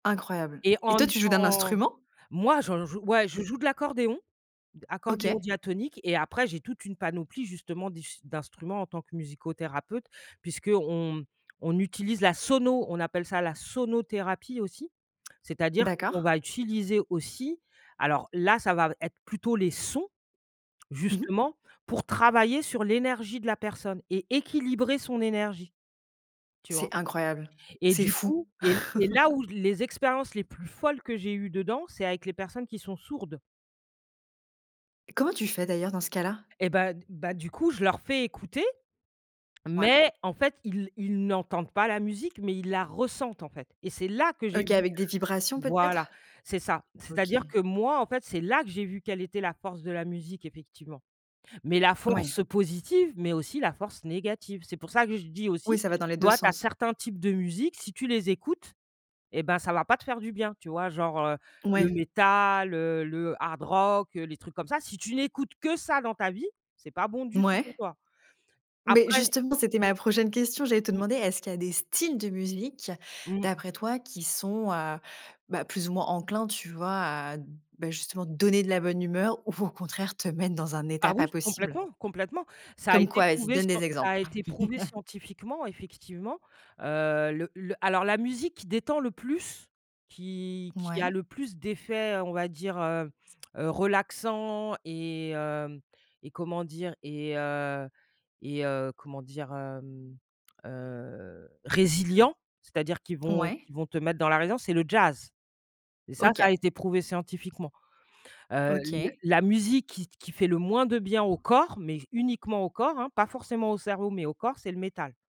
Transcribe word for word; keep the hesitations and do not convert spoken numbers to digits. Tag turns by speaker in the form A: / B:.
A: Incroyable.
B: Et
A: Et
B: en
A: toi, tu joues d'un
B: dans
A: instrument?
B: moi, j'en joue. Ouais, je
A: Parce que
B: joue de l'accordéon accordéon
A: OK.
B: diatonique et après j'ai toute une panoplie justement d'us d'instruments en tant que musicothérapeute puisqu'on, mmh, on utilise la sono. On appelle ça la sonothérapie aussi. C'est à dire que l'on
A: D'accord.
B: va utiliser aussi alors là, ça va v être plutôt les sons,
A: Mmh mh.
B: justement, pour travailler sur l'énergie de la personne et équilibrer son énergie, tu vois?
A: C'est incroyable!
B: Et
A: C'est
B: du
A: fou!
B: coup et c'est là où les expériences les plus folles que j'ai eues dedans, c'est avec les personnes qui sont sourdes.
A: Comment tu fais d'ailleurs dans ce cas-là?
B: Et bah, d bah du coup, je leur fais écouter.
A: Ouais.
B: Mais, en fait, ils ils n'entendent pas la musique, mais ils la ressentent ,en fait et c'est là que j'ai
A: OK,
B: vu
A: avec des vibrations
B: voilà,
A: peut-être?
B: c'est ça. C'est à
A: OK.
B: dire que moi, en fait, c'est là que j'ai vu quelle était la force de la musique, effectivement. Mais la
A: Ouais.
B: force positive, mais aussi la force négative. C'est pour ça que je dis
A: Oui,
B: aussi,
A: ça
B: tu
A: va dans les deux
B: vois, tu as
A: sens.
B: certains types de musique, si tu les écoutes, et ben, ça va pas te faire du bien, tu vois? Genre, heu, le
A: Ouais.
B: métal, heu, le hard rock, heu, les trucs comme ça. Si tu n'écoutes que ça dans ta vie, c'est pas bon du tout pour
A: Mouais.
B: toi.
A: Mais
B: Après
A: justement, c'était ma prochaine question. J'allais te
B: Mmh. Mmh.
A: demander, est-ce qu'il y a des styles de musique,
B: Mmh.
A: d'après toi, qui sont, heu, bah, plus ou moins enclins, tu vois, à, bah, justement donner de la bonne humeur ou, au contraire, te mettre dans un état
B: Ah
A: pas
B: oui,
A: possible?
B: complètement complètement. Ça a
A: Comme
B: été
A: quoi? Vas-y,
B: prouvé
A: donne
B: scien
A: des
B: ça a
A: exemples!
B: été prouvé scientifiquement, effectivement heu. Le le alors, la musique qui détend le plus, qui qui a
A: Mouais.
B: le plus d'effets, heu, on va dire, heu, heu, relaxant, et hem, et comment dire, et heu et heu, comment dire, hem, heu? Résilients, c'est à dire qu'ils vont
A: Ouais.
B: qu'ils vont te mettre dans la résilience, c'est le jazz. Et ça ça
A: OK.
B: a été prouvé scientifiquement. Heu, l
A: OK.
B: la musique qui qui fait le moins de bien au corps, mais uniquement au corps hein, pas forcément au cerveau, mais au corps, c'est le métal.